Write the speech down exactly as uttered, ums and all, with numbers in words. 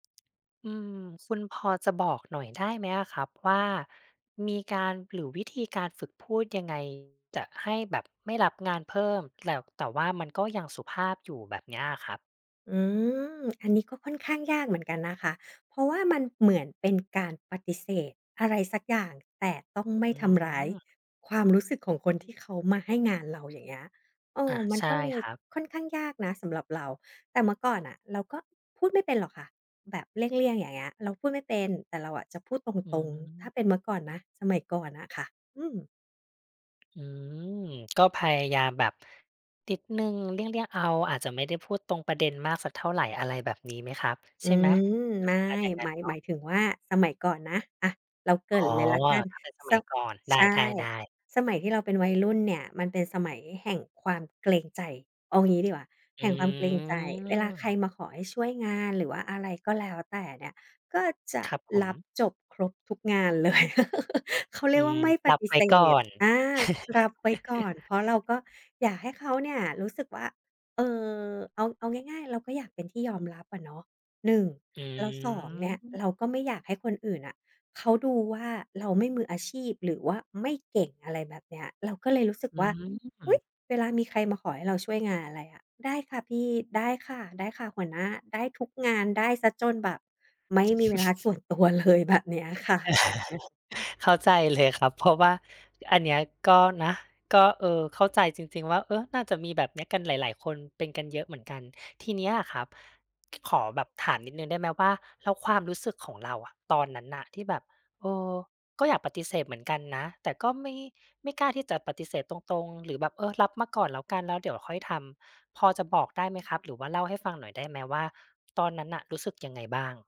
อืม คุณพอจะบอกหน่อยได้ไหมอะครับว่า มีการ หรือวิธีการฝึกพูดยังไง จะให้แบบไม่รับงานเพิ่ม แต่ แต่ว่ามันก็ยังสุภาพอยู่แบบเนี้ยครับ? อืม อันนี้ก็ค่อนข้างยากเหมือนกันนะคะ เพราะว่ามันเหมือนเป็นการปฏิเสธอะไรสักอย่าง แต่ต้องไม่อืทำร้ายม ความรู้สึกของคนที่เขามาให้งานเรา อย่างเงี้ย เอ่ออ ะ มันใช่ก็เลคยรับ ค่อนข้างยากนะ สำหรับเรา แต่เมื่อก่อนน่ะ เราก็พูดไม่เป็นหรอกค่ะ แบบเลี่ยง ๆ อย่างเงี้ย เราพูดไม่เป็น แต่เราอะจะพูดตอืรง ๆ ถ้าม เป็นเมื่อก่อนนะ สมัยก่อนน่ะค่ะ อืม อืม ก็พยายามแบบนิดหนึ่ง เลี่ยง ๆ เอา อาจจะไม่ได้พูดตรงประเด็นมากสักเท่าไร อะไรแบบนี้ไหมครับ อืใช่ไหม ม เป็ไนม่ ประมาณอย่างนั้หมนาย เนาหมะ? ายถึงว่า สมัยก่อนนะ อะ เราเกรอ๋ิอ ่นเลยแล้วกัน ถ้าเป็นสสมัยมัย ก่อน ไใช่ ด้ ๆ ๆ สมัยที่เราเป็นวัยรุ่นเนี่ย มันเป็นสมัยแห่งความเกรงใจ เอางี้ดีกว่า อแืห่งความเกรงใจ เวลาใครม มาขอให้ช่วยงาน หรือว่าอะไรก็แล้วแต่เนี่ย ก็จะครับผรับม จบครบทุกงาน เลย เขาเรอีืยกว่ม าไม่ปรับฏิไวเ้สก่อธ น อา รับไว้ก่อน เพราะเราก็อยากให้เขาเนี่ยรู้สึกว่า เอ่อ เอา เอาง่าย ๆ เราก็อยากเป็นที่ยอมรับอะเนาะ หนึ่ง อืแล้ว สอง เนี่ยม เรา ก็ไม่อยากให้คนอื่นน่ะเขาดูว่า เราไม่มืออาชีพ หรือว่าไม่เก่ง อะไรแบบเนี้ย เราก็เลยรู้สึกอืว่า อุ๊ย! ม เวลามีใครมาขอให้เราช่วยงานอะไรอะ "ได้ค่ะพี่ ได้ค่ะ ได้ค่ะหัวหน้า" ได้ทุกงาน ได้เสียจนแบบไม่มีเวลาส่วนตัวเลย แบบเนี้ยค่ะ เข้าใจเลยครับ เพราะว่าอันเนี้ยก็นะ ก็ เออ เข้าใจจริง ๆ ว่า เออ น่าจะมีแบบนี้กันหลาย ๆ คน เป็นกันเยอะเหมือนกัน ทีนี้อะครับ ข ขอแบบถามนิดหนึ่งได้ไหมว่า แล้วความรู้สึกของเราอะ ตอนนั้นน่ะที่แบบ เออ ก็อยากปฏิเสธเหมือนกันนะ แต่ก็ไม่ ไม่กล้าที่จะปฏิเสธตรง ๆ หรือแบบ เออ รับมาก่อนแล้วกัน แล้วเดี๋ยวค่อยทำ พอจะบอกได้ไหมครับ หรือว่าเล่าให้ฟังหน่อยได้ไหมว่า ตอนนั้นน่ะรู้สึกยังไงบ้าง?